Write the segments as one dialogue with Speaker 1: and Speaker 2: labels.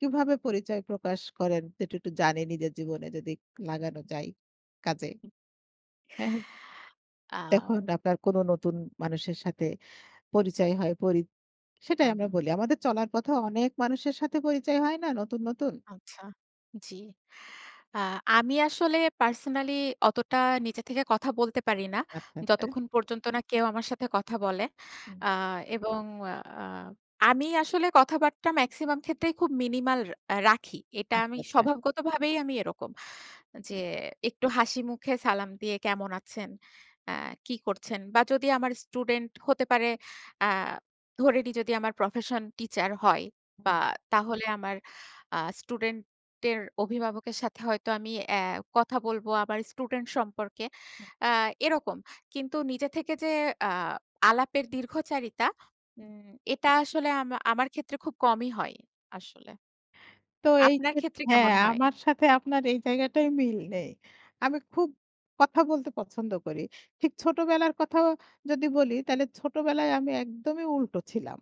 Speaker 1: কীভাবে পরিচয় প্রকাশ করেন এটা একটু জানি নিজের জীবনে যদি লাগানো যায় কাজে। হ্যাঁ তখন
Speaker 2: আও
Speaker 1: আপনার কোন নতুন মানুষের সাথে পরিচয় হয় পরি, সেটাই
Speaker 2: হুম,
Speaker 1: আমরা
Speaker 2: হুম।
Speaker 1: বলি আমাদের চলার পথেও অনেক মানুষের সাথে পরিচয় হয় না নতুন, নতুন?
Speaker 2: আচ্ছা, জি আ আমি আসলে পার্সোনালি অতটা নিজে থেকে কথা বলতে পারি না।
Speaker 1: আচ্ছা, আচ্ছা।
Speaker 2: যতক্ষণ পর্যন্ত না কেউ আমার সাথে কথা বলে।
Speaker 1: হুম।
Speaker 2: আ এবং আ আমি আসলে কথাবার্তা মেক্সিমাম ক্ষেত্রেই খুব মিনিমাল আ রাখি। এটা
Speaker 1: আচ্ছা,
Speaker 2: আমি
Speaker 1: আচ্ছা।
Speaker 2: স্বভাবগতভাবেই আমি এরকম যে,
Speaker 1: হ্যাঁ।
Speaker 2: একটু হাসিমুখে সালাম দিয়ে কেমন আছেন? অ্যা কি করছেন? বা যদি আমার স্টুডেন্ট হতে পারে অ্যা ধরে নিই যদি আমার প্রফেশন টিচার হয় বা
Speaker 1: হ্যাঁ।
Speaker 2: তাহলে আমার আ স্টুডেন্টের অভিভাবকের সাথে হয়তো আমি অ্যা কথা বলব আমার স্টুডেন্ট সম্পর্কে,
Speaker 1: হু।
Speaker 2: অ্যা এরকম। কিন্তু নিজে থেকে যে আ আলাপের দীর্ঘ চারিতা উম এটা আসলে আমা আমার ক্ষেত্রে খুব কমই হয় আসলে।
Speaker 1: তো এই
Speaker 2: আপনার
Speaker 1: খে
Speaker 2: ক্ষেত্রে
Speaker 1: হ্যাঁ
Speaker 2: কেমন হয়?
Speaker 1: আমার সাথে আপনার এই জায়গাটায় মিল নেই আমি খুব কথা বলতে পছন্দ করি। ঠিক ছোটবেলার কথাও যদি বলি তাহলে ছোটবেলায় আমি একদমই উল্টো ছিলাম।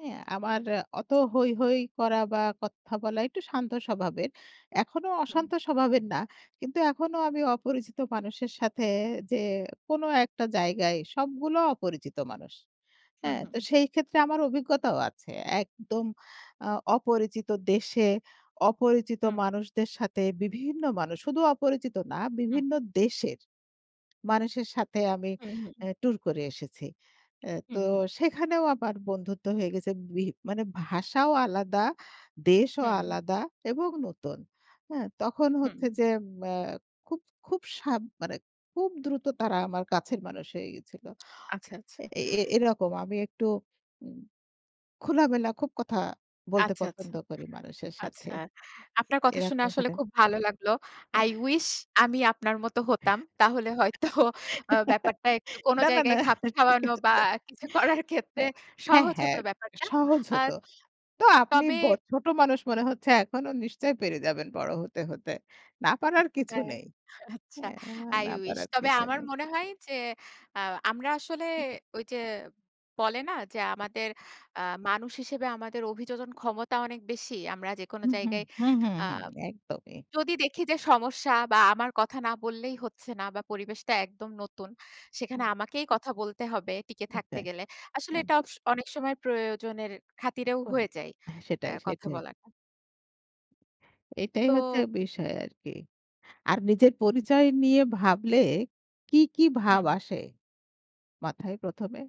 Speaker 1: হ্যাঁ? আমার অত হৈ, হৈ করা বা কথা বলা একটু শান্ত স্বভাবের এখনো
Speaker 2: হুম।
Speaker 1: অশান্ত স্বভাবের না। কিন্তু এখনো আমি অপরিচিত মানুষের সাথে যে, কোন একটা জায়গায় সবগুলো অপরিচিত মানুষ।
Speaker 2: হুম,
Speaker 1: হ্যাঁ? তো
Speaker 2: হুম।
Speaker 1: সেই ক্ষেত্রে আমার অভিজ্ঞতাও আছে। একদম আ অপরিচিত দেশে অপরিচিত
Speaker 2: হুম।
Speaker 1: মানুষদের সাথে বিভিন্ন মানুষ শুধু অপরিচিত না
Speaker 2: হুম।
Speaker 1: বিভিন্ন দেশের মানুষের সাথে আমি
Speaker 2: হুম, হুম।
Speaker 1: অ্যা টুর করে এসেছি। অ্যা তো
Speaker 2: হুম, হুম।
Speaker 1: সেখানেও আমার বন্ধুত্ব হয়ে গেছে ভি মানে ভাষাও আলাদা, দেশও
Speaker 2: হুম।
Speaker 1: আলাদা এবং নতুন। হ্যাঁ? তখন
Speaker 2: হুম।
Speaker 1: হচ্ছে যে, অ্যা খুব খুব সাব মানে খুব দ্রুত তারা আমার কাছের মানুষ হয়ে গেছিল।
Speaker 2: আচ্ছা, আচ্ছা।
Speaker 1: এ এ এরকম আমি একটু উম খোলামেলা খুব কথা বলতে
Speaker 2: আচ্ছা, আচ্ছা,
Speaker 1: পছন্দ করি মানুষের সাথে।
Speaker 2: আচ্ছা আপনার কথা শুনে
Speaker 1: এরকম
Speaker 2: আসলে
Speaker 1: করে।
Speaker 2: খুব ভালো লাগলো।
Speaker 1: আ
Speaker 2: I wish আমি আপনার মত হতাম। তাহলে হয়তো অ্যা ব্যাপারটা একটু কোন
Speaker 1: না, না,
Speaker 2: জায়গায়
Speaker 1: না
Speaker 2: খাপ
Speaker 1: ঠিক
Speaker 2: খাওয়ানো
Speaker 1: আছে।
Speaker 2: বা কিছু করার ক্ষেত্রে
Speaker 1: হ্যাঁ, হ্যাঁ,
Speaker 2: সহজ হত
Speaker 1: হ্যাঁ
Speaker 2: ব্যাপারটা।
Speaker 1: সহজ
Speaker 2: আ
Speaker 1: হত। তো আপনি
Speaker 2: তবে
Speaker 1: বে ছোট মানুষ মনে হচ্ছে এখনো নিশ্চয় পেরে যাবেন বড় হতে হতে, না পারার কিছু
Speaker 2: হ্যাঁ,
Speaker 1: নেই।
Speaker 2: আচ্ছা
Speaker 1: হ্যাঁ,
Speaker 2: I
Speaker 1: না
Speaker 2: wish
Speaker 1: পারার
Speaker 2: তবে
Speaker 1: কিছু
Speaker 2: আমার
Speaker 1: নেই।
Speaker 2: মনে হয় যে, আ আমরা আসলে ওই যে বলে না যে, আমাদের অ্যা মানুষ হিসেবে আমাদের অভিযোজনন ক্ষমতা অনেক বেশি আমরা যেকোনো
Speaker 1: হুম, হুম,
Speaker 2: জায়গায়
Speaker 1: হুম, হুম,
Speaker 2: আ
Speaker 1: হুম একদমই।
Speaker 2: যদি দেখি যে সমস্যা বা আমার কথা না বললেই হচ্ছে না বা পরিবেশটা একদম নতুন সেখানে
Speaker 1: হুম।
Speaker 2: আমাকেই কথা বলতে হবে টিকে
Speaker 1: আচ্ছা
Speaker 2: থাকতে গেলে। আসলে
Speaker 1: হ্যাঁ।
Speaker 2: এটা ওকস অনেক সময় প্রয়োজনের খাতিরেও হয়ে
Speaker 1: উপায়
Speaker 2: যায়
Speaker 1: হ্যাঁ,
Speaker 2: অ্যা
Speaker 1: সেটাই,
Speaker 2: কথা
Speaker 1: সেইটাই।
Speaker 2: বলাটা।
Speaker 1: এটাই হচ্ছে
Speaker 2: তো
Speaker 1: বিষয় আরকি, আর নিজের
Speaker 2: হু, জি।
Speaker 1: পরিচয় নিয়ে ভাবলে কী, কী ভাব
Speaker 2: হুম।
Speaker 1: আসে মাথায় প্রথমে?